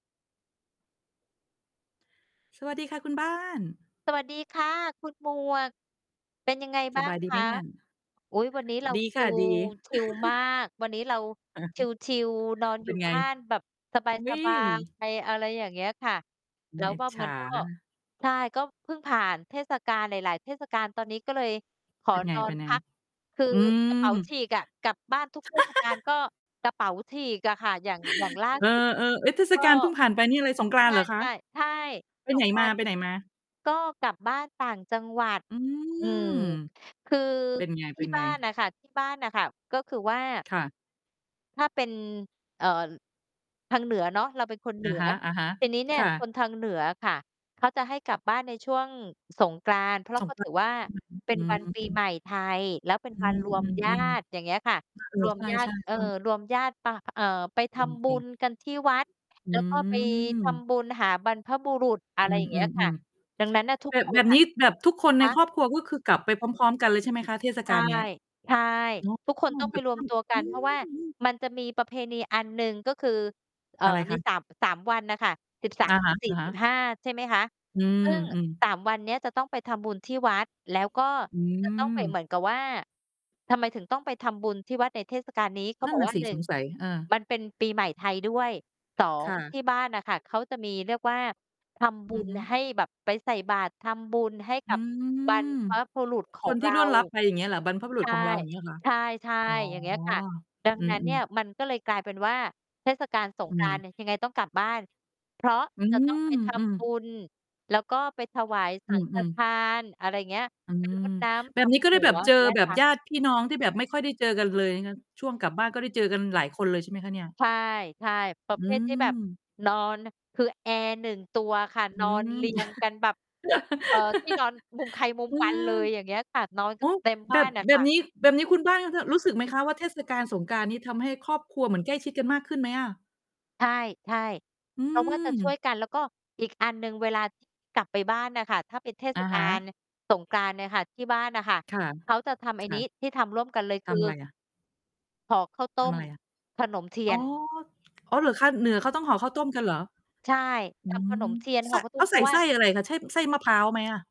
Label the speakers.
Speaker 1: สวัสดีค่ะคุณบ้าน
Speaker 2: สวัสดีค่ะคุณหมวก เป็นยังไง
Speaker 1: ส
Speaker 2: บ้า
Speaker 1: บ
Speaker 2: ง
Speaker 1: ายด
Speaker 2: ค
Speaker 1: ี ไหม
Speaker 2: ะ?
Speaker 1: นั่น?
Speaker 2: อุ๊ย วันนี้เรา
Speaker 1: ดี
Speaker 2: ช
Speaker 1: ค
Speaker 2: ิ
Speaker 1: ่ะ
Speaker 2: ล
Speaker 1: ดี
Speaker 2: ชิลมาก วันนี้เรา
Speaker 1: อือฮึ
Speaker 2: ชิล ๆ นอน
Speaker 1: เ
Speaker 2: อ
Speaker 1: ป
Speaker 2: ย
Speaker 1: ็
Speaker 2: ู่
Speaker 1: นไง?
Speaker 2: บ้านแบบสบาย
Speaker 1: อุ๊
Speaker 2: สบาย
Speaker 1: ย
Speaker 2: ไป อะไรอย่างเงี้ยค่ะ
Speaker 1: อื
Speaker 2: เร
Speaker 1: อ
Speaker 2: า
Speaker 1: อิจ
Speaker 2: ว่า
Speaker 1: ฉ
Speaker 2: มั
Speaker 1: า
Speaker 2: นก็ ใช่ ก็เพิ่งผ่านเทศกาลหลาย ๆ เทศกาล ตอนนี้ก็เลยขอ
Speaker 1: เป็นไง?
Speaker 2: นอ
Speaker 1: ไป
Speaker 2: น
Speaker 1: ใน
Speaker 2: พัก คือ
Speaker 1: อื
Speaker 2: กระเป๋า
Speaker 1: ม
Speaker 2: ฉีกอะ กลับบ้านทุก เทศกาล ก็กระเป๋าฉีกอะค่ะ อย่าง อย่างล่า
Speaker 1: เออ
Speaker 2: สุด
Speaker 1: ๆ เอ๊ย เทศ
Speaker 2: ก็
Speaker 1: กาลเพิ่งผ่านไปนี่อะไร สงกร
Speaker 2: ใ
Speaker 1: าน
Speaker 2: ช
Speaker 1: ต์เหรอคะ?
Speaker 2: ่ ๆ ใช่
Speaker 1: ไป
Speaker 2: ส
Speaker 1: ไหน
Speaker 2: งกรานต์ ทุก
Speaker 1: มา ๆ?
Speaker 2: ก็กลับบ้านต่างจังหวัด
Speaker 1: อื
Speaker 2: อื
Speaker 1: ม
Speaker 2: อ คือ
Speaker 1: เป็นไ
Speaker 2: ที่บ
Speaker 1: ง
Speaker 2: ้าน
Speaker 1: ๆ?
Speaker 2: น่ะค่ะ ที่บ้านน่ะค่ะ ก็คือว่า
Speaker 1: ค่ะ
Speaker 2: ถ้าเป็น เอ่อ ทางเหนือเนาะ เราเป็นคนเห
Speaker 1: อ
Speaker 2: นื
Speaker 1: ะ
Speaker 2: อ
Speaker 1: ฮะ
Speaker 2: ทีนี้เนี
Speaker 1: ๆ
Speaker 2: ่
Speaker 1: ค
Speaker 2: ย
Speaker 1: ่
Speaker 2: ค
Speaker 1: ะ
Speaker 2: นทางเหนือค่ะ เขาจะให้กลับบ้านในช่วงสงกรานต์ เพรา
Speaker 1: ส
Speaker 2: ะ
Speaker 1: ง
Speaker 2: ก็
Speaker 1: กร
Speaker 2: ถื
Speaker 1: า
Speaker 2: อ
Speaker 1: นต์
Speaker 2: ว่า
Speaker 1: อือ
Speaker 2: เป็น วันปี
Speaker 1: ๆ อื
Speaker 2: ให
Speaker 1: ม
Speaker 2: ม่ ไทย แล้วเป็น
Speaker 1: อื
Speaker 2: วัน รวม ญา
Speaker 1: อ
Speaker 2: ติ
Speaker 1: ๆ
Speaker 2: อ
Speaker 1: ๆ
Speaker 2: ย่างเงี้ยค่ะ
Speaker 1: เออ
Speaker 2: รวม
Speaker 1: ใช
Speaker 2: ญาติ
Speaker 1: ่ ๆ
Speaker 2: เอ่อ
Speaker 1: ๆ คน
Speaker 2: รวมญาติปะ อ เอ่อ ไปท
Speaker 1: จ
Speaker 2: ำบุ
Speaker 1: ริง ๆ
Speaker 2: ญกันที่วัด
Speaker 1: อ
Speaker 2: แล้วก็ไปท
Speaker 1: ืม
Speaker 2: ำบุญหาบรรพบุรุษ อะ
Speaker 1: อ
Speaker 2: ไ
Speaker 1: ื
Speaker 2: รอย่างเงี้ยค่ะ
Speaker 1: ม ๆ
Speaker 2: ดังนั้นน่ะท
Speaker 1: ๆ
Speaker 2: ุ
Speaker 1: แบ
Speaker 2: กค
Speaker 1: บ แบ
Speaker 2: น
Speaker 1: บ
Speaker 2: น่
Speaker 1: นี
Speaker 2: ะ
Speaker 1: ้ แบบทุกคนใ
Speaker 2: ค
Speaker 1: น
Speaker 2: ะ?
Speaker 1: ครอบครัว ก็คือกลับไปพร้อม ๆ กันเลยใช่ไหมคะ? เทศ
Speaker 2: ใ
Speaker 1: ก
Speaker 2: ช
Speaker 1: า
Speaker 2: ่
Speaker 1: ลเนี้ย
Speaker 2: ใช่
Speaker 1: เนาะ
Speaker 2: ทุกคนต้องไปรวมตัวกั
Speaker 1: อื
Speaker 2: น เพราะว่า
Speaker 1: ม ๆ
Speaker 2: มันจะมีประเพณีอันหนึ่ง ก็คือ เอ่อ
Speaker 1: อะไรค
Speaker 2: มี
Speaker 1: ะ?
Speaker 2: 3- 3 วันน่ะค่ะ สิบสา
Speaker 1: อ
Speaker 2: ม
Speaker 1: ะ
Speaker 2: สิบสี่
Speaker 1: ฮ
Speaker 2: ส
Speaker 1: ะ
Speaker 2: ิบ
Speaker 1: ๆ
Speaker 2: ห้า ใช่ไหมคะ
Speaker 1: อื
Speaker 2: ซึ
Speaker 1: ม
Speaker 2: ่ง
Speaker 1: ๆ
Speaker 2: 3 วันเนี้ยจะต้องไปทำบุญที่วัด แล้วก็
Speaker 1: อื
Speaker 2: จะต้องไป
Speaker 1: ม
Speaker 2: เหมือนกับว่า ทำไมถึงต้องไปทำบุญที่วัดในเทศกาลนี้? เขา
Speaker 1: นั่
Speaker 2: บ
Speaker 1: น
Speaker 2: อก
Speaker 1: น่
Speaker 2: ว
Speaker 1: ะ
Speaker 2: ่า
Speaker 1: สิ
Speaker 2: หนึ่
Speaker 1: ส
Speaker 2: ง
Speaker 1: งสัย เออ
Speaker 2: มันเป็นปีใหม่ไทยด้วย สอ
Speaker 1: ค
Speaker 2: ง
Speaker 1: ่ะ
Speaker 2: ที่บ้านน่ะค่ะ เขาจะมี เรียกว่าทำบ
Speaker 1: อ
Speaker 2: ุ
Speaker 1: ือ
Speaker 2: ญ
Speaker 1: ฮึ
Speaker 2: ให้ แบบไปใส่บาตรทำบุญให้
Speaker 1: อ
Speaker 2: ก
Speaker 1: ื
Speaker 2: ับบรร
Speaker 1: ม
Speaker 2: พบุรุษข
Speaker 1: ค
Speaker 2: อ
Speaker 1: น
Speaker 2: ง
Speaker 1: ท
Speaker 2: เ
Speaker 1: ี่
Speaker 2: รา
Speaker 1: ร่วนลับไปอย่างเงี้ยเหรอ? บรรพบุรุ
Speaker 2: ใช
Speaker 1: ษ
Speaker 2: ่
Speaker 1: ของเรา อย่างเงี้ยคะ?
Speaker 2: ใช่
Speaker 1: อ๋อ
Speaker 2: ๆ อย่างเงี้ยค่ะ ดัง
Speaker 1: อื
Speaker 2: นั้นเนี
Speaker 1: ม
Speaker 2: ่ย
Speaker 1: ๆ
Speaker 2: มันก็เลยกลายเป็นว่า เทศกาลสง
Speaker 1: อื
Speaker 2: กรานต
Speaker 1: ม
Speaker 2: ์ยัง ยังไงต้องกลับบ้าน เพราะ
Speaker 1: อื
Speaker 2: จะต้องไปท
Speaker 1: ม
Speaker 2: ำบ
Speaker 1: ๆ
Speaker 2: ุญ แล้วก็ไปถวายส
Speaker 1: อื
Speaker 2: ังฆ
Speaker 1: อ
Speaker 2: ท
Speaker 1: ๆ
Speaker 2: าน อะไรเงี้ย
Speaker 1: อื
Speaker 2: ไปร
Speaker 1: ม
Speaker 2: ดน้
Speaker 1: แ
Speaker 2: ำ
Speaker 1: บ
Speaker 2: ด
Speaker 1: บนี้ก็
Speaker 2: ำ
Speaker 1: ไ
Speaker 2: ห
Speaker 1: ด้
Speaker 2: ั
Speaker 1: แบบ
Speaker 2: ว
Speaker 1: เจอ
Speaker 2: เงี้ย
Speaker 1: แบบ
Speaker 2: ค่
Speaker 1: ญ
Speaker 2: ะ
Speaker 1: าติพี่น้องที่แบบไม่ค่อยได้เจอกันเลยนะ ช่วงกลับบ้านก็ได้เจอกันหลายคนเลยใช่ไหมคะเนี่ย?
Speaker 2: ใช่ ๆ ประ
Speaker 1: อื
Speaker 2: เภทที่แบบ
Speaker 1: ม
Speaker 2: นอนน่ะ คือแอร์ 1 ตัวค่ะ
Speaker 1: อื
Speaker 2: นอน
Speaker 1: ม
Speaker 2: เรียง กันแบบ เอ่อ ที่นอนมุมใครมุม
Speaker 1: อื
Speaker 2: มัน
Speaker 1: ม
Speaker 2: เลย อย่างเงี้ยค่ะ นอน
Speaker 1: โ
Speaker 2: ก
Speaker 1: อ
Speaker 2: ั
Speaker 1: ้
Speaker 2: น เต็มบ
Speaker 1: แบ
Speaker 2: ้า
Speaker 1: บ
Speaker 2: นน่ะ
Speaker 1: แบ
Speaker 2: ค่
Speaker 1: บ
Speaker 2: ะ
Speaker 1: นี้ แบบนี้คุณบ้านก็แบบรู้สึกไหมคะ? ว่า เทศกาลสงกรานต์นี่ทำให้ครอบครัวเหมือนใกล้ชิดกันมากขึ้นไหมอะ?
Speaker 2: ใช่
Speaker 1: อื
Speaker 2: ๆ เขาก็จะช่ว
Speaker 1: ม
Speaker 2: ยกัน แล้วก็อีกอันหนึ่ง เวลา ที่ กลับไปบ้านน่ะค่ะ ถ้าเป็นเท
Speaker 1: อ
Speaker 2: ศ
Speaker 1: ะ
Speaker 2: ก
Speaker 1: ฮ
Speaker 2: าล
Speaker 1: ะ
Speaker 2: สงกรานต์เนี่ยค่ะ ที่บ้านน่ะค่ะ
Speaker 1: ค่ะ
Speaker 2: เขาจะทำไ
Speaker 1: ค
Speaker 2: อ้
Speaker 1: ่
Speaker 2: นี
Speaker 1: ะ
Speaker 2: ้ ที่ทำร่วมกันเลย
Speaker 1: ท
Speaker 2: คื
Speaker 1: ำอ
Speaker 2: อ
Speaker 1: ะไรอะ?
Speaker 2: ห่อข้าวต
Speaker 1: ท
Speaker 2: ้
Speaker 1: ำ
Speaker 2: ม
Speaker 1: อะไรอะ?
Speaker 2: ขนมเที
Speaker 1: อ
Speaker 2: ย
Speaker 1: ๋อ
Speaker 2: น
Speaker 1: อ๋อเหรอคะ? เหนือเขาต้องห่อข้าวต้มกันเหรอ?
Speaker 2: ใช่
Speaker 1: อื
Speaker 2: ทำขน
Speaker 1: ม
Speaker 2: มเทียนห
Speaker 1: ซ
Speaker 2: ่อ
Speaker 1: ะ
Speaker 2: ข้าวต
Speaker 1: เข
Speaker 2: ้ม
Speaker 1: า
Speaker 2: เ
Speaker 1: ใ
Speaker 2: พ
Speaker 1: ส
Speaker 2: รา
Speaker 1: ่
Speaker 2: ะว
Speaker 1: ไ
Speaker 2: ่
Speaker 1: ส
Speaker 2: า
Speaker 1: ้อะไรคะ? ใช่ไส้มะพร้าวไหมอะ?